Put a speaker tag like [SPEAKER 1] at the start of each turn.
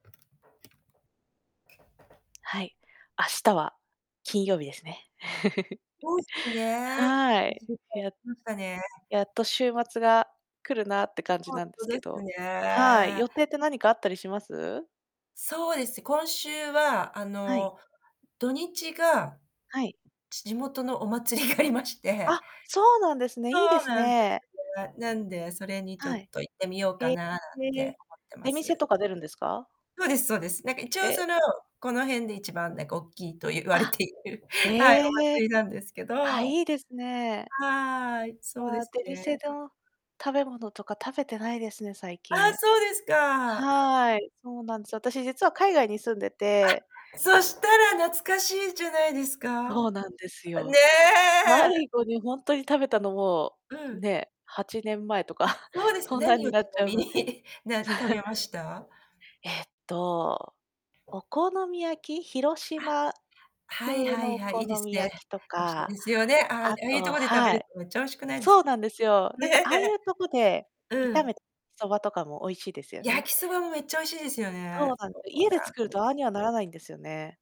[SPEAKER 1] はい。明日は金曜日ですね。
[SPEAKER 2] そうすね。
[SPEAKER 1] は
[SPEAKER 2] い
[SPEAKER 1] い、
[SPEAKER 2] しゅうかんたち
[SPEAKER 1] や
[SPEAKER 2] ましたね。
[SPEAKER 1] やっと週末が来るなって感じ
[SPEAKER 2] ほん
[SPEAKER 1] なんで
[SPEAKER 2] と
[SPEAKER 1] す
[SPEAKER 2] で
[SPEAKER 1] け
[SPEAKER 2] す
[SPEAKER 1] どはい、
[SPEAKER 2] ね。
[SPEAKER 1] 予定って何かあったりします？
[SPEAKER 2] そうです。今週はあ
[SPEAKER 1] はい。
[SPEAKER 2] の土日が、
[SPEAKER 1] はい。
[SPEAKER 2] じ地元のお祭りがありまして、
[SPEAKER 1] あ、そうなんですね。
[SPEAKER 2] そ
[SPEAKER 1] いいで
[SPEAKER 2] う
[SPEAKER 1] す
[SPEAKER 2] なんです
[SPEAKER 1] ね。
[SPEAKER 2] ね。なんで、それにちょ
[SPEAKER 1] は
[SPEAKER 2] っ
[SPEAKER 1] い。
[SPEAKER 2] と行ってみようか
[SPEAKER 1] へえ、
[SPEAKER 2] ななんて思ってま
[SPEAKER 1] 出店
[SPEAKER 2] す。
[SPEAKER 1] とか出るんですか？
[SPEAKER 2] そうですそうです。なんか一応
[SPEAKER 1] え
[SPEAKER 2] そ
[SPEAKER 1] え。
[SPEAKER 2] の、この辺で一番なんか大きいと言われ
[SPEAKER 1] あ、
[SPEAKER 2] ている。はい、
[SPEAKER 1] へ
[SPEAKER 2] お
[SPEAKER 1] え、
[SPEAKER 2] 祭りなんですけど。
[SPEAKER 1] あ、いいですね。
[SPEAKER 2] はい、そう
[SPEAKER 1] わ
[SPEAKER 2] で
[SPEAKER 1] あ、
[SPEAKER 2] す
[SPEAKER 1] 出
[SPEAKER 2] ね。
[SPEAKER 1] 店だ、食べ物とか食べてないですね、最
[SPEAKER 2] ああ、
[SPEAKER 1] 近。
[SPEAKER 2] そうですか。
[SPEAKER 1] はい、そうなんですよ。私実は海外に住んでて
[SPEAKER 2] あ、そしたら懐かしいじゃないですか。
[SPEAKER 1] そうなんです
[SPEAKER 2] あ、ね
[SPEAKER 1] よ。
[SPEAKER 2] え。
[SPEAKER 1] 最後にほんとに食べたのも、
[SPEAKER 2] うん。
[SPEAKER 1] ね、8年前とか、
[SPEAKER 2] あ、そうです
[SPEAKER 1] そんなん
[SPEAKER 2] 何を
[SPEAKER 1] に
[SPEAKER 2] ち
[SPEAKER 1] なっち
[SPEAKER 2] な
[SPEAKER 1] ゃう
[SPEAKER 2] み
[SPEAKER 1] の
[SPEAKER 2] に
[SPEAKER 1] で。
[SPEAKER 2] な食べ ました？
[SPEAKER 1] えっとお好み焼き広
[SPEAKER 2] あ、
[SPEAKER 1] 島
[SPEAKER 2] はい
[SPEAKER 1] 風
[SPEAKER 2] はい
[SPEAKER 1] のお
[SPEAKER 2] はい、い
[SPEAKER 1] 好
[SPEAKER 2] いです
[SPEAKER 1] み
[SPEAKER 2] ね。
[SPEAKER 1] 焼きと
[SPEAKER 2] 美味しい
[SPEAKER 1] か、
[SPEAKER 2] ですよね。あ、あ
[SPEAKER 1] あ
[SPEAKER 2] あいうと
[SPEAKER 1] と
[SPEAKER 2] こで食べ
[SPEAKER 1] は
[SPEAKER 2] る
[SPEAKER 1] い。
[SPEAKER 2] とめっちゃ美味しくないです
[SPEAKER 1] そ
[SPEAKER 2] か。
[SPEAKER 1] うなんですよ。なんかああい
[SPEAKER 2] ね。
[SPEAKER 1] うとこで
[SPEAKER 2] う
[SPEAKER 1] 炒
[SPEAKER 2] ん。
[SPEAKER 1] めたそばとかも美味しいですよ
[SPEAKER 2] 焼
[SPEAKER 1] ね。
[SPEAKER 2] きそばもめっちゃ美味しいですよね。
[SPEAKER 1] そうなん、
[SPEAKER 2] そう
[SPEAKER 1] 家で作
[SPEAKER 2] なん
[SPEAKER 1] る
[SPEAKER 2] です。
[SPEAKER 1] とああにはならないんですよね。